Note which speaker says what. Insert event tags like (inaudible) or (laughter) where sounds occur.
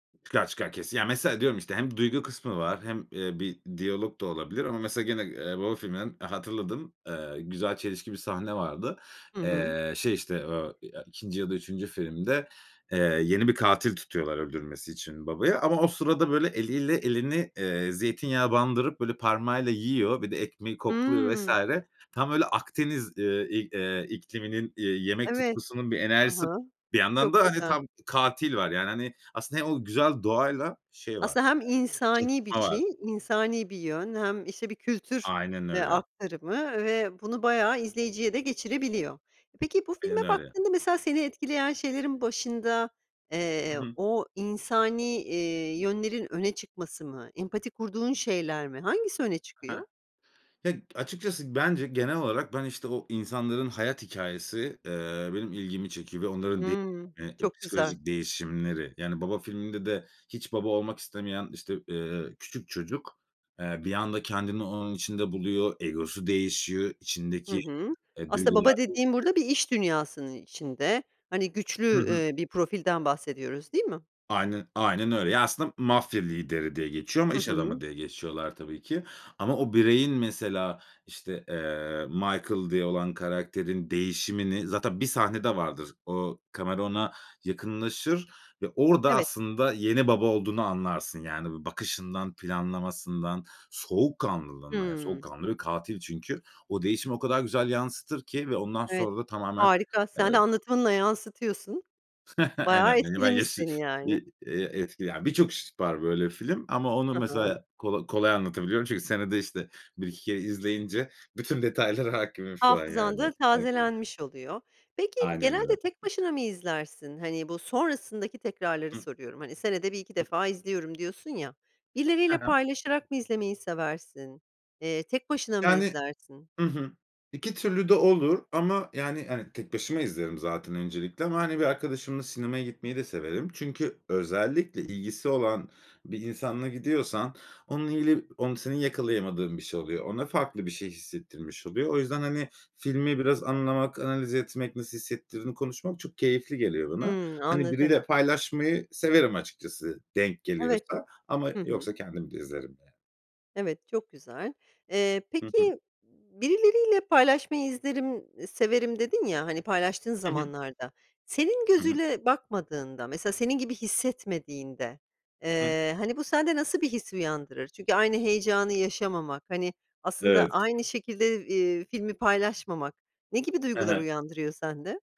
Speaker 1: Çıkar çıkar, kesin. Ya, mesela diyorum, işte, hem duygu kısmı var hem, eee, bir diyalog da olabilir ama mesela gene, eee, baba filminden hatırladığım, eee, güzel çelişki bir sahne vardı.
Speaker 2: Hı hı.
Speaker 1: Eee, şey işte, ooo, eee, 2. ya da 3. filmde, eee, yeni bir katil tutuyorlar, öldürmesi için babaya ama o sırada, böyle, eliyle elini, eee, zeytinyağa bandırıp böyle parmağıyla yiyor. Bir de ekmeği kokluyor vs.
Speaker 2: Hımm.
Speaker 1: Tam böyle Akdeniz, eee, i eee, ikliminin, eee, yemek
Speaker 2: Evet,
Speaker 1: tutkusunun bir
Speaker 2: hı
Speaker 1: enerjisi,
Speaker 2: hı,
Speaker 1: bir yandan
Speaker 2: çok
Speaker 1: da hani
Speaker 2: güzel.
Speaker 1: tam katil var. Yani, hani, aslında hem o güzel doğayla şey var.
Speaker 2: Aslında hem
Speaker 1: Çat
Speaker 2: insani bir
Speaker 1: çatışma var.
Speaker 2: şey, insani bir yön, hem işte bir kültür,
Speaker 1: Aynen
Speaker 2: eee,
Speaker 1: öyle.
Speaker 2: aktarımı ve bunu bayağı izleyiciye de geçirebiliyor. Peki bu
Speaker 1: Aynen
Speaker 2: filme
Speaker 1: öyle.
Speaker 2: baktığında mesela seni etkileyen şeylerin başında,
Speaker 1: Hı
Speaker 2: eee,
Speaker 1: hı.
Speaker 2: o insani, iii, yönlerin öne çıkması mı? Empati kurduğun şeyler mi? Hangisi öne çıkıyor?
Speaker 1: Hah. Ya, açıkçası bence genel olarak, ben işte o insanların hayat hikâyesi, eee, benim ilgimi çekiyor ve onların de
Speaker 2: Hımm, çok güzel.
Speaker 1: psikolojik değişimleri, yani, baba filminde de hiç baba olmak istemeyen işte, eee, küçük çocuk, eee, bir anda kendini onun içinde buluyor, egosu değişiyor,
Speaker 2: Hı
Speaker 1: içindeki,
Speaker 2: hı.
Speaker 1: e,
Speaker 2: Aslında
Speaker 1: duygular
Speaker 2: baba dediğin
Speaker 1: değişiyor.
Speaker 2: burada bir iş dünyasının içinde. Hani,
Speaker 1: Hı
Speaker 2: güçlü,
Speaker 1: hı.
Speaker 2: eee, bir profilden bahsediyoruz, değil mi?
Speaker 1: Aynen aynen öyle. Ya, aslında m mafya lideri diye geçiyor ama
Speaker 2: Hı
Speaker 1: iş adamı
Speaker 2: hı.
Speaker 1: diye geçiriyorlar tabii ki. Ama o bireyin mesela, işte, eee, Michael diye olan karakterin değişimini zaten bir sahnede vardır, o kamera ona yakınlaşır ve orada
Speaker 2: Evet.
Speaker 1: aslında yeni baba olduğunu anlarsın, yani, bir bakışından, planlamasından, soğukkanlılığından, yani,
Speaker 2: Hımm.
Speaker 1: soğukkanlı bir katil çünkü. O değişimi o kadar güzel yansıtır ki ve ondan
Speaker 2: Evet,
Speaker 1: sonra da tamamen
Speaker 2: harika.
Speaker 1: eee
Speaker 2: Sen de anlatımınla yansıtıyorsun.
Speaker 1: (chuckles) Aynen,
Speaker 2: Bayağı
Speaker 1: hani, ben
Speaker 2: etkilemiş
Speaker 1: yaşı
Speaker 2: seni, yani.
Speaker 1: bir, eee, etkile birçok (unintelligible) var böyle film ama onu
Speaker 2: Hı hı.
Speaker 1: mesela kola kolay anlatabiliyorum çünkü senede işte 1-2 kere izleyince bütün detaylara hâkimim şu an,
Speaker 2: Hafızan
Speaker 1: yani.
Speaker 2: da
Speaker 1: Aynen.
Speaker 2: tazelenmiş oluyor. Peki
Speaker 1: Aynen
Speaker 2: genelde
Speaker 1: öyle.
Speaker 2: tek başına mı izlersin? Hani, bu sonrasındaki tekrarları
Speaker 1: Hıh.
Speaker 2: soruyorum, hani, senede 1-2
Speaker 1: Hıh.
Speaker 2: defa izliyorum diyorsun ya,
Speaker 1: Hı
Speaker 2: birileriyle
Speaker 1: hı.
Speaker 2: paylaşarak mı izlemeyi seversin? Eee, tek başına mı
Speaker 1: Yani,
Speaker 2: izlersin?
Speaker 1: hı hı, 2 türlü de olur ama, yani, hani, tek başıma izlerim zaten öncelikle ama hani bir arkadaşımla sinemaya gitmeyi de severim çünkü özellikle ilgisi olan bir insanla gidiyorsan onun ili onu senin yakalayamadığın bir şey oluyor. Ona farklı bir şey hissettirmiş oluyor. O yüzden, hani, filmi biraz anlamak, analiz etmek, nasıl hissettirdiğini konuşmak çok keyifli geliyor bana.
Speaker 2: Hımm
Speaker 1: Hani,
Speaker 2: anladım.
Speaker 1: biriyle paylaşmayı severim açıkçası, denk
Speaker 2: Evet.
Speaker 1: geliyorsa ama
Speaker 2: Hı hı.
Speaker 1: yoksa kendim de izlerim yani.
Speaker 2: Evet, çok güzel. Eee,
Speaker 1: Hı hı.
Speaker 2: peki, birileriyle paylaşmayı izlerim, severim, dedin ya, hani, paylaştığın
Speaker 1: Hı hı.
Speaker 2: zamanlarda, senin
Speaker 1: Hı hı.
Speaker 2: gözüyle bakmadığında, mesela senin gibi hissetmediğinde,
Speaker 1: Hı hı.
Speaker 2: eee, hani, bu sende nasıl bir his uyandırır? Çünkü aynı heyecanı yaşamamak, hani, aslında
Speaker 1: Evet.
Speaker 2: aynı şekilde, eee, filmi paylaşmamak ne gibi
Speaker 1: Hı
Speaker 2: duygular
Speaker 1: hı.
Speaker 2: uyandırıyor sende?